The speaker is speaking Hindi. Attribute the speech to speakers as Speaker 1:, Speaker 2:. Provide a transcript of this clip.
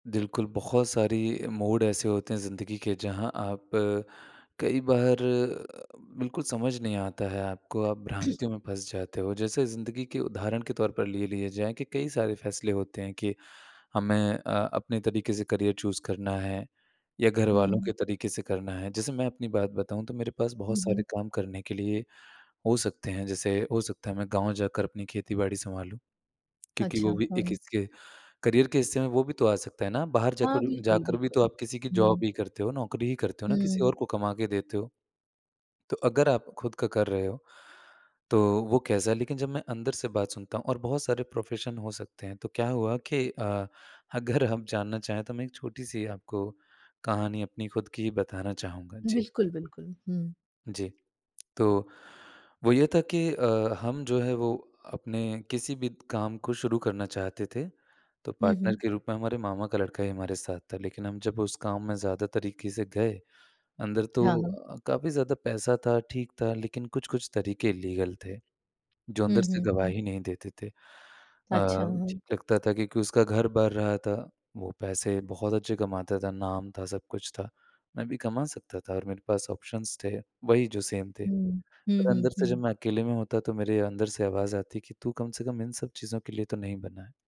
Speaker 1: बिल्कुल, बहुत सारी मोड ऐसे होते हैं ज़िंदगी के जहाँ आप कई बार बिल्कुल समझ नहीं आता है आपको आप भ्रांतियों में फँस जाते हो जैसे ज़िंदगी के उदाहरण के तौर पर ले लिए जाए कि कई सारे फैसले होते हैं कि हमें अ, अपने तरीक़े से करियर चूज़ करना है, या घरवालों
Speaker 2: हुँ।
Speaker 1: के तरीक़े से करना है। जैसे मैं अपनी बात बताऊँ तो मेरे पास बहुत
Speaker 2: हुँ, हुँ।
Speaker 1: सारे काम करने के लिए हो सकते हैं जैसे हो सकता है मैं गाँव जाकर अपनी खेती-बाड़ी संभालूँ। क्योंकि
Speaker 2: अच्छा,
Speaker 1: वो भी एक
Speaker 2: हाँ।
Speaker 1: इसके करियर के हिस्से में वो भी तो आ सकता है ना बाहर
Speaker 2: हाँ,
Speaker 1: जाकर
Speaker 2: बिल्कुल,
Speaker 1: जाकर भी तो
Speaker 2: बिल्कुल,
Speaker 1: आप किसी की जॉब
Speaker 2: हम्म।
Speaker 1: ही करते हो नौकरी ही करते हो ना किसी
Speaker 2: हम्म।
Speaker 1: और को कमा के देते हो। तो अगर आप खुद का कर रहे हो, तो वो कैसा है लेकिन जब मैं अंदर से बात सुनता हूँ और बहुत सारे प्रोफेशन हो सकते हैं। तो क्या हुआ कि अ, अगर हम जानना चाहें तो मैं एक छोटी-सी आपको कहानी अपनी खुद की ही बताना चाहूँगा। जी।
Speaker 2: बिल्कुल, बिल्कुल, हुँ।
Speaker 1: जी, तो वो ये था कि अ, हम जो है वो अपने किसी भी काम को शुरू करना चाहते थे, तो
Speaker 2: हुँ,
Speaker 1: पार्टनर
Speaker 2: हुँ।
Speaker 1: के रूप में हमारे मामा का लड़का ही हमारे साथ था लेकिन हम जब उस काम में ज़्यादा तरीक़े से गए, अंदर
Speaker 2: हाँ, हाँ।
Speaker 1: तो काफ़ी ज़्यादा पैसा था, ठीक था, लेकिन कुछ-कुछ तरीक़े इलीगल थे, जो अंदर
Speaker 2: हुँ,
Speaker 1: से
Speaker 2: हुँ, हुँ।
Speaker 1: गवाही नहीं देते थे अ,
Speaker 2: अच्छा, हाँ।
Speaker 1: लगता था क्योंकि उसका घर भर रहा था वो पैसे बहुत अच्छे कमाता था, नाम था, सब कुछ था। मैं भी कमा सकता था और मेरे पास ऑप्शंस थे, वही जो सेम थे।
Speaker 2: हुँ, हुँ,
Speaker 1: पर
Speaker 2: हुँ,
Speaker 1: अंदर से जब
Speaker 2: हुँ।
Speaker 1: मैं अकेले में होता तो मेरे अंदर से आवाज़ आती कि तू कम से कम इन सब चीज़ों के लिए तो नहीं बना है।